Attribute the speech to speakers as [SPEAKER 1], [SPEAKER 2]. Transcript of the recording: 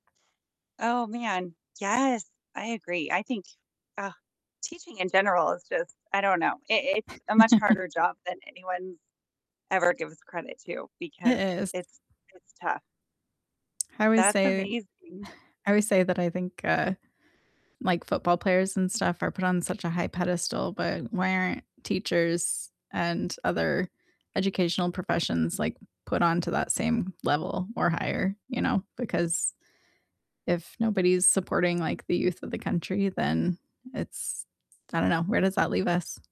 [SPEAKER 1] Oh, man, yes, I agree, I think, ugh, teaching in general is just, I don't know, it it's a much harder job than anyone ever gives credit to,
[SPEAKER 2] It
[SPEAKER 1] because
[SPEAKER 2] is.
[SPEAKER 1] it's it's tough.
[SPEAKER 2] I always
[SPEAKER 1] That's
[SPEAKER 2] say
[SPEAKER 1] amazing.
[SPEAKER 2] I always say that I think, uh, like, football players and stuff are put on such a high pedestal, but why aren't teachers and other educational professions, like, put onto that same level or higher, you know? Because if nobody's supporting, like, the youth of the country, then it's I don't know, where does that leave us?